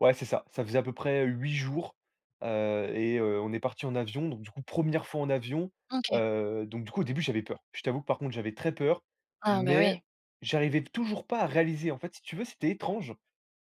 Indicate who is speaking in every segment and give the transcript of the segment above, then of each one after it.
Speaker 1: Ouais, c'est ça, ça faisait à peu près, heu, 8 jours, heu et heu, on est partis en avion. Donc du coup, 1re fois en avion,
Speaker 2: OK.
Speaker 1: heu, donc du coup, au début, j'avais peur. Je t'avoue que, par contre, j'avais très peur,
Speaker 2: Ah, bah, oui.
Speaker 1: mais j'arrivais toujours pas à réaliser. En fait, si tu veux, c'était étrange.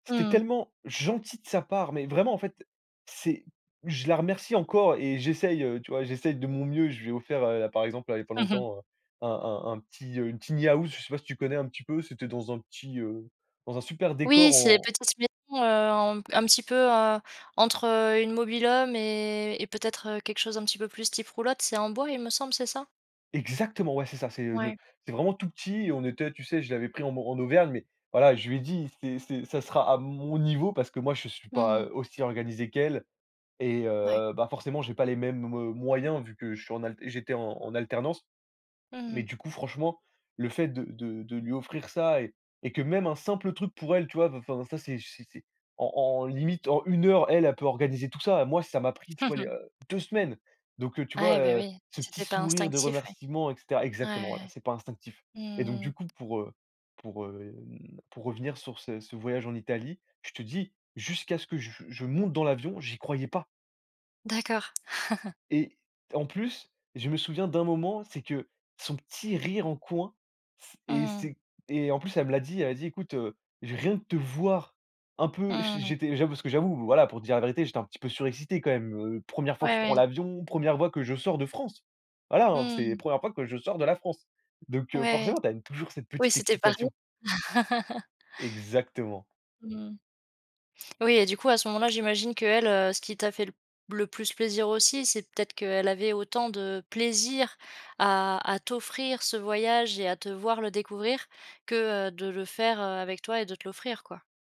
Speaker 1: C'était
Speaker 2: Mmh.
Speaker 1: tellement gentil de sa part, mais vraiment, en fait, c'est je la remercie encore et j'essaie, heu, tu vois, j'essaie de mon mieux, je lui ai offert, heu, par exemple, là, il y a pas
Speaker 2: Mmh mh.
Speaker 1: longtemps, heu, un un un petit, heu, une tiny house, je sais pas si tu connais, un petit peu, c'était dans un petit, heu, dans un super
Speaker 2: Oui,
Speaker 1: décor
Speaker 2: c'est
Speaker 1: en
Speaker 2: [unintelligible] heu, en un petit peu, heu, entre, heu, une mobil-home et et peut-être, heu, quelque chose un petit peu plus type roulotte. C'est en bois, il me semble, c'est ça?
Speaker 1: Exactement, ouais, c'est ça, c'est, heu, le
Speaker 2: Ouais.
Speaker 1: c'est vraiment tout petit et on était tu sais, je l'avais pris en mor en Auvergne mais voilà, je lui ai dit: «C'est c'est ça sera à mon niveau» parce que moi, je suis
Speaker 2: Mmh
Speaker 1: pas,
Speaker 2: mh.
Speaker 1: heu, aussi organisé qu'elle et
Speaker 2: Ouais.
Speaker 1: heu, bah, forcément, j'ai pas les mêmes, heu, moyens vu que je suis en al j'étais en en alternance.
Speaker 2: Mmh
Speaker 1: Mais
Speaker 2: mh.
Speaker 1: du coup, franchement, le fait de de de lui offrir ça et et que même un simple truc pour elle, tu vois, enfin, ça, c'est c'est c'est en en limite, en 1 heure, elle, elle peut organiser tout ça. Moi, ça m'a pris, tu
Speaker 2: Mmh
Speaker 1: vois, il y
Speaker 2: mh.
Speaker 1: a heu, 2 semaines. Donc heu, tu vois,
Speaker 2: Ah, beh,
Speaker 1: heu,
Speaker 2: oui,
Speaker 1: ce petit
Speaker 2: c'était pas
Speaker 1: sourire de
Speaker 2: instinctif, oui.
Speaker 1: remerciement et cetera
Speaker 2: Ouais.
Speaker 1: exactement, voilà, c'est pas instinctif et donc du
Speaker 2: Mmh.
Speaker 1: coup, pour, heu, pour, hem, pour revenir sur ce ce voyage en Italie, je te dis, jusqu'à ce que je je monte dans l'avion, j'y croyais pas
Speaker 2: D'accord.
Speaker 1: et en plus, je me souviens d'un moment, c'est que son petit rire en coin, c
Speaker 2: Mmh
Speaker 1: et
Speaker 2: mh.
Speaker 1: c'est et en plus, elle me l'a dit, elle a dit: «Écoute, heu, j rien que de te voir, un peu»,
Speaker 2: Mmh
Speaker 1: j'é
Speaker 2: mh.
Speaker 1: j'étais j'avoue parce que j'avoue, voilà, pour te dire la vérité, j'étais un petit peu surexcité, quand même. Heu, 1re fois que
Speaker 2: Ouais,
Speaker 1: je prends
Speaker 2: ouais.
Speaker 1: l'avion, 1re fois que je sors de France! Voilà, hein,
Speaker 2: Mmh,
Speaker 1: c'était la
Speaker 2: mmh.
Speaker 1: 1re fois que je sors de la France. Donc heu,
Speaker 2: Ouais.
Speaker 1: forcément, tu as une toujours cette
Speaker 2: Oui,
Speaker 1: petite
Speaker 2: c'était pas
Speaker 1: excitation.
Speaker 2: rien.
Speaker 1: Exactement.
Speaker 2: Mmh. Oui et du coup, à ce moment-là, j'imagine qu'elle, heu, ce qui t'a fait l le plus plaisir aussi, c'est peut-être qu'elle avait autant de plaisir à à t'offrir ce voyage et à te voir le découvrir que, heu, de le faire, heu, avec toi et de te l'offrir, quoi.